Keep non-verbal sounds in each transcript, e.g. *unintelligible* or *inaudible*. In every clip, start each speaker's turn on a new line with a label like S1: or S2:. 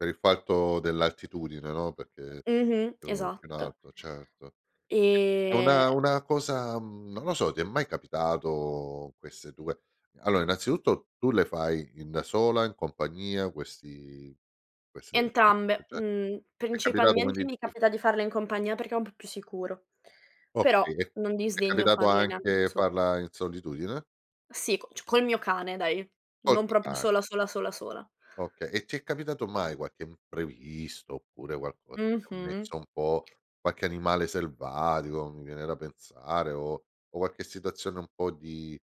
S1: Per il fatto dell'altitudine, no, perché
S2: Mh-mh.
S1: più più in
S2: Esatto.
S1: alto, certo. *unintelligible* E
S2: E
S1: una una cosa mhmm, non lo so, ti è mai capitato queste due allora innanzitutto tu le fai in da sola, in compagnia questi queste *unintelligible* ti
S2: Entrambe, mhmm,
S1: è capitato
S2: principalmente
S1: quindi
S2: mi
S1: di f
S2: capita di farle in compagnia perché è un po' più sicuro, però
S1: Okay, e
S2: non
S1: ti
S2: disdegno
S1: capitato
S2: farle neanche da
S1: anche
S2: sola.
S1: farla in solitudine?
S2: Sì, c cio col mio cane dai,
S1: Col
S2: non
S1: tuo
S2: proprio
S1: ca
S2: sola, sola, sola, sola.
S1: Okay, e ti è capitato mai qualche imprevisto, oppure qualco che ti ha
S2: Mh-mh.
S1: messo un po' qualche animale selvatico, mi viene da pensare o o qualche situazione un po' di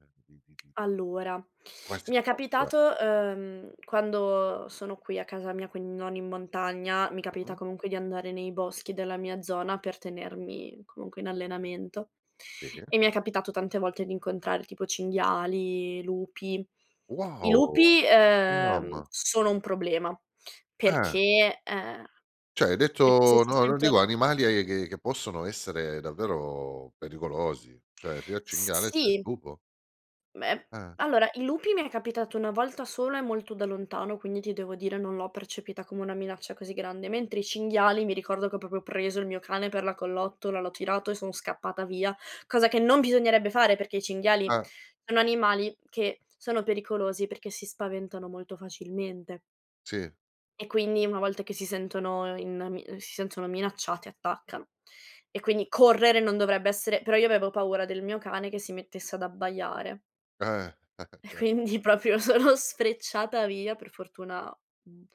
S1: uhm, di di di
S2: Allora,
S1: Quasi
S2: mi è
S1: *unintelligible*
S2: capitato uhm, quando sono qui a casa mia, quindi non in montagna, mi capita
S1: Mh-mh.
S2: comunque di andare nei boschi della mia zona per tenermi comunque in allenamento,
S1: Sì.
S2: e mi è capitato tante volte di incontrar tipo cinghiali, lupi. I
S1: Wow!
S2: lupi,
S1: Uh
S2: uhm,
S1: mamma!
S2: sono un problema
S1: Eh.
S2: perché, uhm
S1: Cioè, hai
S2: eh, se
S1: detto
S2: si
S1: no, non dico
S2: sentono
S1: animali eh, che possono essere davvero pericolosi, cioè sia il
S2: S
S1: cinghiale, sia il
S2: sì.
S1: lupo.
S2: Beh,
S1: Eh.
S2: allora i lupi mi è capitato 1 volta sola e molto da lontano, quindi ti devo dire non l'ho percepita come una minaccia così grande, mentre i cinghiali mi ricordo che ho proprio preso il mio cane per la collottola, l'ho tirato e sono scappata via, cosa che non bisognerebbe fare perché i cinghiali
S1: Ah.
S2: sono animali che sono pericolosi perché si spaventano molto facilmente
S1: Sì.
S2: e quindi una volta che si sentono in mi si sentono minacciati attaccano; e quindi correre non dovrebbe essere però io avevo paura del mio cane che si mettesse ad abbaiare
S1: Eh, *chuckles*
S2: e
S1: cer
S2: quindi proprio sono sfrecciata via per fortuna, mhmm,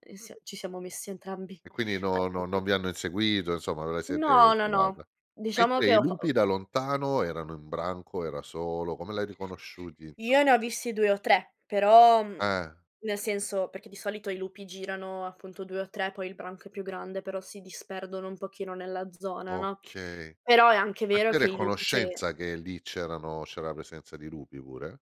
S2: ehm, s ci siamo messi entrambi
S1: E quindi,
S2: al
S1: no no non
S2: sicuro.
S1: vi hanno inseguito, insomma, ve la siete
S2: No, no,
S1: cavata.
S2: no, diciamo
S1: Mentre
S2: che
S1: i
S2: ho fa o
S1: lupi da lontano erano in branco, era solo, come l'hai riconosciuti, inso
S2: Io ne ho visti 2 o 3, però mhmm,
S1: Eh.
S2: nel senso, perché di solito i lupi girano appunto 2 o 3, poi il branco è più grande, però si disperdono un pochino nella zona, no;
S1: Okay.
S2: però è anche
S1: Ma
S2: vero
S1: tu eri
S2: che
S1: a
S2: i lupi sì.
S1: conoscenza che lì c'erano c'era la presenza di lupi pure?